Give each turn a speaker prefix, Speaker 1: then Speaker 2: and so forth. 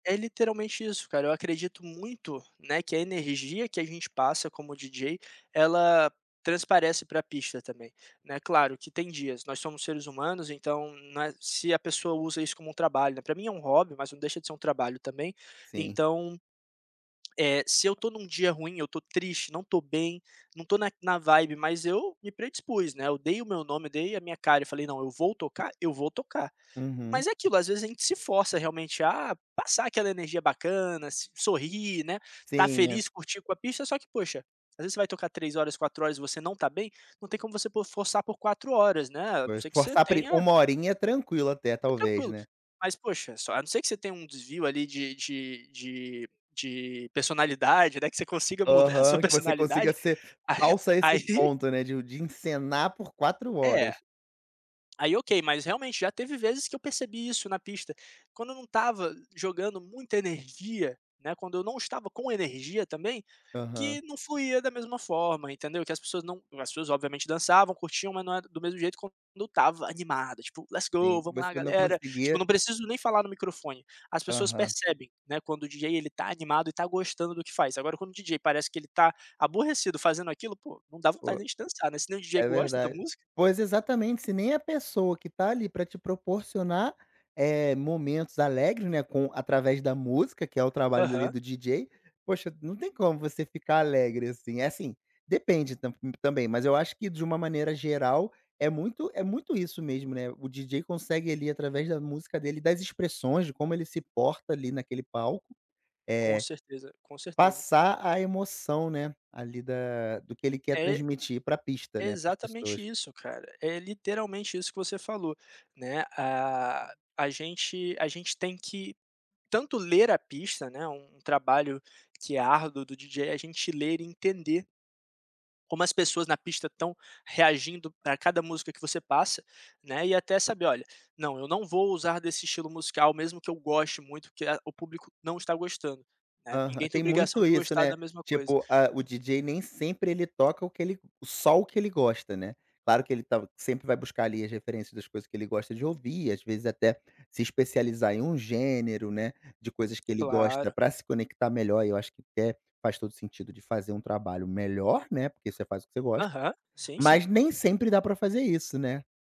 Speaker 1: É literalmente isso cara, eu acredito muito, né, que a energia que a gente passa como DJ, ela transparece pra pista também, né. Claro que tem dias, nós somos seres humanos então, na se a pessoa usa isso como um trabalho, né, para mim é um hobby, mas não deixa de ser um trabalho também.
Speaker 2: Sim.
Speaker 1: Então, eh, se eu tô em um dia ruim, eu tô triste, não estou bem, não tô na na vibe, mas eu me predispus, né, eu dei o meu nome, dei a minha cara e falei: "Não, eu vou tocar, eu vou tocar".
Speaker 2: Uhum.
Speaker 1: Mas é aquilo, às vezes a gente se força realmente, a passar aquela energia bacana, s sorrir, né, estar
Speaker 2: Sim, né.
Speaker 1: feliz, curtir com a pista, só que poxa, às vezes você vai tocar 3 horas, 4 horas, e você não tá bem, não tem como você p forçar por 4 horas, né, a não
Speaker 2: Pois,
Speaker 1: ser que você
Speaker 2: pri
Speaker 1: tenha
Speaker 2: 1 horinha, tranquilo até,
Speaker 1: É
Speaker 2: talvez,
Speaker 1: tranquilo,
Speaker 2: né.
Speaker 1: mas poxa, só a não ser que você tenha um desvio ali de de de de personalidade, né, que você consiga mudar a sua
Speaker 2: Aham, que você consiga
Speaker 1: personalidade,
Speaker 2: ser
Speaker 1: ah,
Speaker 2: falso a esse
Speaker 1: aí
Speaker 2: ponto, né, de o de encenar por 4
Speaker 1: É.
Speaker 2: horas.
Speaker 1: Aí ok, mas realmente, já teve vezes que eu percebi isso na pista, quando eu não estava jogando muita energia, né, quando eu não estava com energia também,
Speaker 2: Aham.
Speaker 1: que não fluía da mesma forma, entendeu? Que as pessoas não as pessoas obviamente dançavam, curtiam, mas não é do mesmo jeito quando eu estava animado tipo: "Let's go!
Speaker 2: Sim.
Speaker 1: vamos
Speaker 2: Você
Speaker 1: lá
Speaker 2: também não
Speaker 1: galera!". Tipo,
Speaker 2: conseguia.
Speaker 1: não preciso nem falar no microfone, as pessoas
Speaker 2: Aham.
Speaker 1: percebem, né, quando o DJ ele tá animado e tá gostando do que faz. Agora quando o DJ parece que ele tá aborrecido fazendo aquilo, pô, não dá vontade
Speaker 2: Pô.
Speaker 1: nem de dançar, né, se nem o DJ
Speaker 2: É
Speaker 1: gosta da
Speaker 2: verdade.
Speaker 1: música.
Speaker 2: Pois exatamente, se nem a pessoa que tá ali para te proporcionar, eh, momentos alegres, né, com através da música, que é o trabalho ali
Speaker 1: Aham.
Speaker 2: do DJ, poxa, não tem como você ficar alegre assim. É assim, depende tamb também, mas eu acho que de uma maneira geral, é muito é muito isso mesmo, né, o DJ consegue ali através da música dele e das expressões, de como ele se porta ali naquele palco,
Speaker 1: Com
Speaker 2: eh,
Speaker 1: certeza, com certeza.
Speaker 2: passar a emoção, né, ali da do que ele quer
Speaker 1: É,
Speaker 2: transmitir pra pista,
Speaker 1: é
Speaker 2: né, para as pessoas.
Speaker 1: exatamente isso cara, é literalmente isso que você falou, né, a a gente a gente tem que tanto ler a pista, né, um um trabalho que é árduo do DJ é a gente ler e entender como as pessoas na pista estão reagindo para cada música que você passa, né, e até saber: "Olha, não, eu não vou usar desse estilo musical mesmo que eu goste muito, porque a o público não está gostando", né,
Speaker 2: Aham,
Speaker 1: ninguém tem
Speaker 2: tem
Speaker 1: obrigação
Speaker 2: muito
Speaker 1: de
Speaker 2: isso,
Speaker 1: gostar
Speaker 2: né.
Speaker 1: da mesma coisa.
Speaker 2: Tipo, a, o DJ nem sempre ele toca o que ele só o que ele gosta, né. Claro que ele tá sempre vai buscar ali as referências das coisas que ele gosta de ouvir, às vezes até se especializar em um gênero, né, de coisas que ele gosta
Speaker 1: Claro.
Speaker 2: para se conectar melhor e eu acho que até, faz todo o sentido de fazer um trabalho melhor, né, porque você faz o que você gosta.
Speaker 1: Aham, sim, sim.
Speaker 2: Mas nem sempre dá para fazer isso, né.